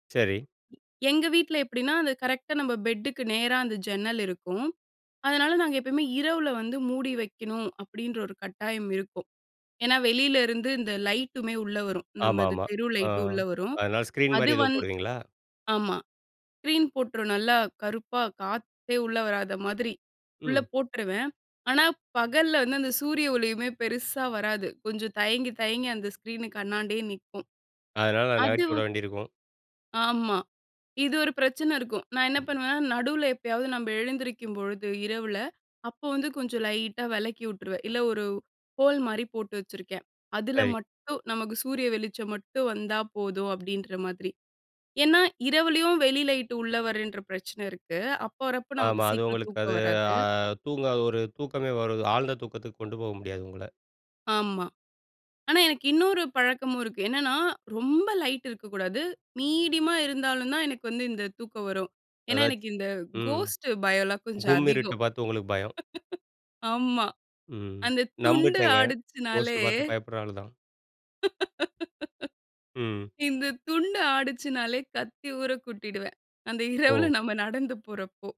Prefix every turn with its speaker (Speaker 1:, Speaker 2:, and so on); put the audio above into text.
Speaker 1: சரி.
Speaker 2: எங்க வீட்ல எப்படின்னா, அது கரெக்ட்டா நம்ம பெட்டுக்கு நேரா அந்த ஜன்னல் இருக்கும். அதனால, "நாங்க எப்பவுமே இரவில வந்து மூடி வைக்கணும்" அப்படின்ற ஒரு கட்டாயம் இருக்கும். ஏன்னா வெளில இருந்து இந்த லைட்டுமே உள்ள வரும். நம்ம இந்த
Speaker 1: ஆமாமா.
Speaker 2: தெரு
Speaker 1: ஆ,
Speaker 2: லைட்டு உள்ள வரும்.
Speaker 1: அதனால ஸ்கிரீன்
Speaker 2: அது
Speaker 1: மாரி எதுவும்
Speaker 2: வந்
Speaker 1: போடுவீங்களா?
Speaker 2: ஆமா ஸ்கிரீன் போட்டுருவேன். நல்லா கருப்பா காத்தே உள்ள வராத மாதிரி உள்ள
Speaker 1: ம்.
Speaker 2: போட்டுருவேன். ஆனா, பகல்ல வந்து அந்த சூரிய ஒளியுமே பெருசா வராது. கொஞ்சம் தயங்கி தயங்கி அந்த ஸ்க்ரீன்க்கு அன்னாண்டயே நிக்கும்
Speaker 1: அதனால
Speaker 2: அது
Speaker 1: நகட்டி
Speaker 2: வ
Speaker 1: உட வேண்டிருக்கும்!
Speaker 2: ஆமா. இது ஒரு பிரச்சனை இருக்கும். நான் என்ன பண்ணுவேன்? நடுவுல எப்பயாவது நம்ப எழுந்திரிக்கும்பொழுது இரவுல, அப்போ வந்து கொஞ்சம் லைட்டா வெலக்கி வுட்டுருவேன். இல்லை ஒரு ஹோல் மாரி போட்டு வச்சுருக்கேன். அதுல
Speaker 1: சரி.
Speaker 2: மட்டும் நமக்கு சூரிய வெளிச்சம் மட்டும் வந்தா போதும் அப்படின்ற மாதிரி. ஏன்னா, இரவுலயும் வெளி லைட் உள்ளே வரேன்ற பிரச்சனை இருக்கு. அப்போ வரப்போ நமக்கு
Speaker 1: ஆமா, அது
Speaker 2: சீக்கிரம்
Speaker 1: உங்களுக்கு அது
Speaker 2: தூக்கம் வராது.
Speaker 1: ஆ தூங்க ஒரு தூக்கமே வரு ஆழ்ந்த தூக்கத்துக்கு கொண்டு போக முடியாது உங்கள.
Speaker 2: ஆமா. ஆனா. எனக்கு இன்னொரு பழக்கமும் இருக்கு. என்னான்னா, ரொம்ப லைட்டு இருக்கக்கூடாது. மீடியமா இருந்தாலும் தான் எனக்கு வந்து இந்த தூக்கம் வரும். ஏன்னா எனக்கு
Speaker 1: அதாச்சி
Speaker 2: இந்த
Speaker 1: ம்.
Speaker 2: கோஸ்ட் பயம் எல்லாம் கொஞ்சம்
Speaker 1: கும்மிருட்ட
Speaker 2: அதிகம்.
Speaker 1: பாத்து உங்களுக்கு பயம்.
Speaker 2: ஆமா.
Speaker 1: ம்
Speaker 2: அந்த துண்டு
Speaker 1: நம்பிட்டேங்க.
Speaker 2: ஆடிச்சுனாலே
Speaker 1: கோஸ்ட் பாத்து பயப்படுற ஆள் தான். ம்.
Speaker 2: இந்த துண்டு ஆடிச்சினாலே கத்தி ஊர கூட்டிடுவேன். அந்த இரவுல
Speaker 1: ஓ!
Speaker 2: நம்ம நடந்து போறப்போ.